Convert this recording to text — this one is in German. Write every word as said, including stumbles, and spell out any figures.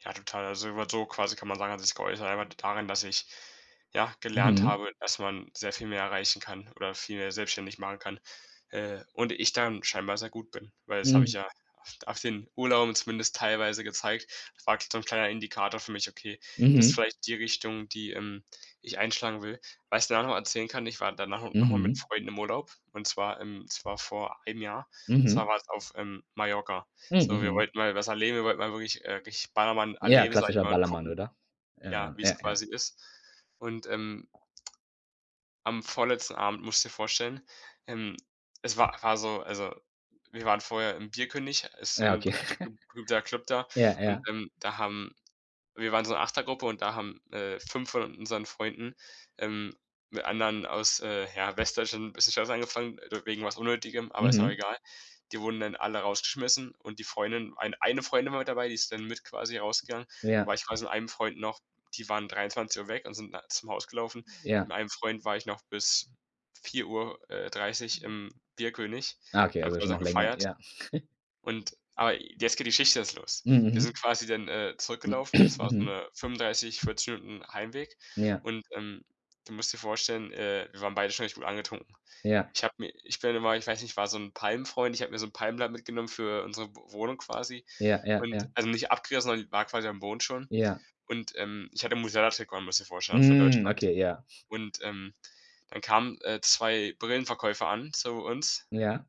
Ja, total. Also über [unintelligible] quasi kann man sagen hat es sich geäußert einfach daran, dass ich, ja, gelernt Mhm. habe, dass man sehr viel mehr erreichen kann oder viel mehr selbstständig machen kann, äh, und ich darin scheinbar sehr gut bin. Weil das hab ich Mhm. ja a auf den Urlauben zumindest teilweise gezeigt, war so 'n kleiner Indikator für mich: „Okay, das ist Mhm. vielleicht die Richtung, die, ähm, ich einschlagen will.“ Was ich da auch noch mal erzählen kann, ich war danach no noch mal mit Mhm. Freunden im Urlaub und zwar im das war vor einem Jahr. Und zwar Mhm. war's auf, ähm, Mallorca. M So, wir Mhm. wollten mal was erleben, wir wollten mal wirklich, äh, richtig Ballermann Ja, erleben, sage ich klassischer mal, und Ballermann, gucken, oder? ja, Ja. wie's Ja, ja. quasi ist. Und ähm am vorletzten Abend musst du dir vorstellen, ähm, es wa war so also, wir waren vorher im Bierkönig, ist, Ja, ähm, okay. be guter Club da Ja, und, ja. ähm, da haben wir waren so 'ne achter Gruppe, und da haben, äh, fünf von unseren Freunden, ähm, mit anderen aus, äh, ja, Westdeutschland bisschen Stress angefangen, wegen was Unnötigem, aber ist auch Mhm. egal. Die wurden dann alle rausgeschmissen und die Freundin ein eine Freundin war mit dabei, die ist dann mit quasi rausgegangen. Da Ja. war ich quasi mit einem Freund noch die waren dreiundzwanzig Uhr weg und sind da zum Haus gelaufen. Ja. Mit einem Freund war ich noch bis vier Uhr, äh, dreißig im Bierkönig, Ah, okay, haben also quasi schon noch noch länger, gefeiert. ja. Und, aber jetzt geht die Geschichte erst los: M Wir sind Mhm. quasi dann, äh, M zurückgelaufen, das war so Mhm. 'ne fünfunddreißig, vierzig Minuten Heimweg Ja. und, ähm, du musst dir vorstellen, äh, wir waren beide schon recht gut angetrunken. Ja. Ich habe mir ich bin immer ich weiß nicht, ich war so 'n Palmfreund, ich habe mir so 'n Palmblatt mitgenommen für unsere W Wohnung quasi Ja, ja, und ja. also nicht abgerissen, sondern die war quasi am Boden schon. Ja. Und, ähm, ich hatte, [unintelligible] musst dir mir vorstellen, von Mhm. Deutschland. Okay, ja. Und, ähm, dann kamen, äh, zwei Brillenverkäufer an, zu uns Ja.